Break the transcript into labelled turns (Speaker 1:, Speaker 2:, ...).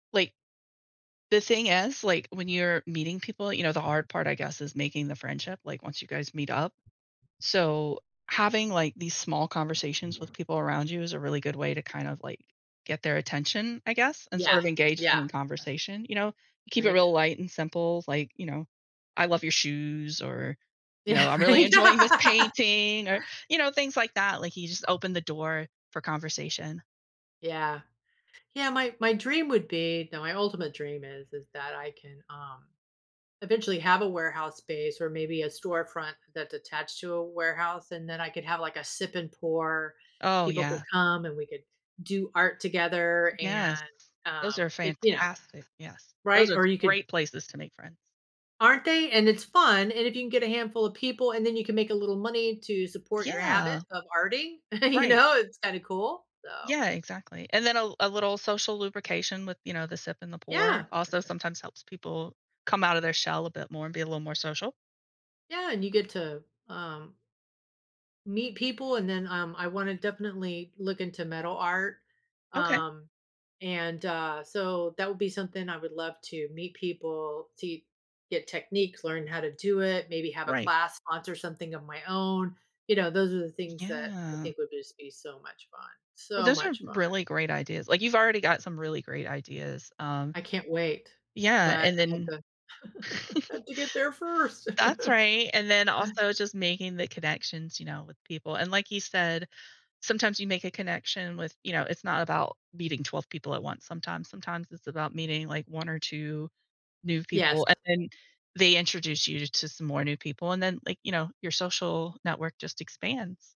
Speaker 1: Like the thing is, like, when you're meeting people, you know, the hard part, I guess, is making the friendship, like, once you guys meet up. So, having, like, these small conversations with people around you is a really good way to, kind of, like, get their attention, I guess, and
Speaker 2: Yeah,
Speaker 1: sort of engage
Speaker 2: yeah.
Speaker 1: them in conversation, you know. Keep it
Speaker 2: Right.
Speaker 1: real light and simple, like, you know, "I love your shoes" or, you
Speaker 2: Yeah,
Speaker 1: know, "I'm really
Speaker 2: right.
Speaker 1: enjoying this painting" or, you know, things like that, like you just open the door for conversation.
Speaker 2: Yeah. Yeah, my my dream would be no, my ultimate dream is is that I can, um, eventually have a warehouse space or maybe a storefront that's attached to a warehouse, and then I could have, like, a sip and pour;
Speaker 1: Oh,
Speaker 2: people could
Speaker 1: yeah.
Speaker 2: come, and we could do art together,
Speaker 1: Yes,
Speaker 2: and,
Speaker 1: those
Speaker 2: um
Speaker 1: are
Speaker 2: it you know?
Speaker 1: fantastic, yes. Those
Speaker 2: Right,
Speaker 1: are
Speaker 2: or you could
Speaker 1: great places to make friends.
Speaker 2: Aren't they? And it's fun, and if you can get a handful of people, and then you can make a little money to support your habit
Speaker 1: Yeah.
Speaker 2: of arting, you
Speaker 1: Right.
Speaker 2: know, it's kinda cool, so
Speaker 1: Yeah, exactly, and then a l a little social lubrication with, you know, the sip and the pour
Speaker 2: Yeah!
Speaker 1: also sometimes helps people come outta their shell a bit more and be a little more social.
Speaker 2: Yeah, and you get to, um meet people, and then, um, I wanna definitely look into metal art,
Speaker 1: Okay.
Speaker 2: um, and, uh, so that would be something I would love to meet people, to get techniques, learn how to do it, maybe have a
Speaker 1: Right.
Speaker 2: class, sponsor something of my own. You know, those are the things that I
Speaker 1: Yeah.
Speaker 2: think would just be so much fun,
Speaker 1: Well,
Speaker 2: so
Speaker 1: those are
Speaker 2: much fun.
Speaker 1: really great ideas, like, you've already got some really great ideas, um
Speaker 2: I can't wait,
Speaker 1: yeah,
Speaker 2: but
Speaker 1: and
Speaker 2: I have
Speaker 1: then
Speaker 2: to I have to get there first.
Speaker 1: That's right, and then also just making the connections, you know, with people, and like you said, sometimes you make a connection with you know, it's not about meeting 12 people at once. Sometimes sometimes it's about meeting like 1 or 2 new
Speaker 2: Yes.
Speaker 1: people and then they introduce you t to some more new people, and then, like, you know, your social network just expands.